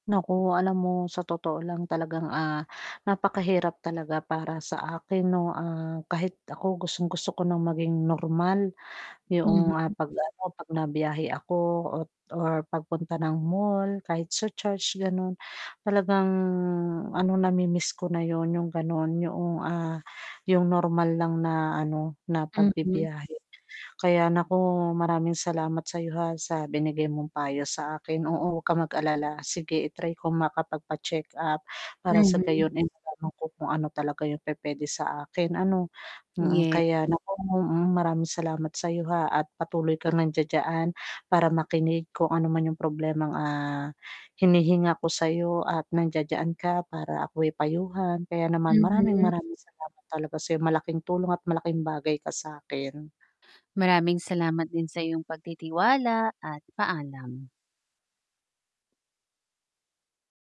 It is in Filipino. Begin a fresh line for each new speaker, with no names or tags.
Naku, alam mo sa totoo lang talagang, ah, napakahirap talaga para sa akin, 'no, ah, kahit ako gustong-gusto ko ng maging normal. Yung
Mhm.
'pag ano, 'pag nabiyahe ako o or pagpunta ng mall kahit sa church, ganun, talagang, ano, namimiss ko na yun yung ganon yoong, ah, yung normal lang na, ano, na
Mm.
pagbibiyahe. Kaya naku, maraming salamat sayo, ha, sa binigay mong payo sa akin oo, huwag kang mag-alala sige i-try ko makapagpa-check-up para sa
Mhm.
gayon eh matanong ko kung ano talaga yung pupuwede sa akin, ano mm.
Ye.
Kaya naku mm, maraming salamat sayo ha, at patuloy kang nandiyan-diyan para makinig kung ano man yung problemang, ah, hinihinga ko sayo at nandiyan ka para ako'y payuhan kaya naman maraming
Mhm.
maraming salamat talaga sayo malaking tulong at malaking bagay ka sakin.
Maraming salamat din sa iyong pagtitiwala at paalam.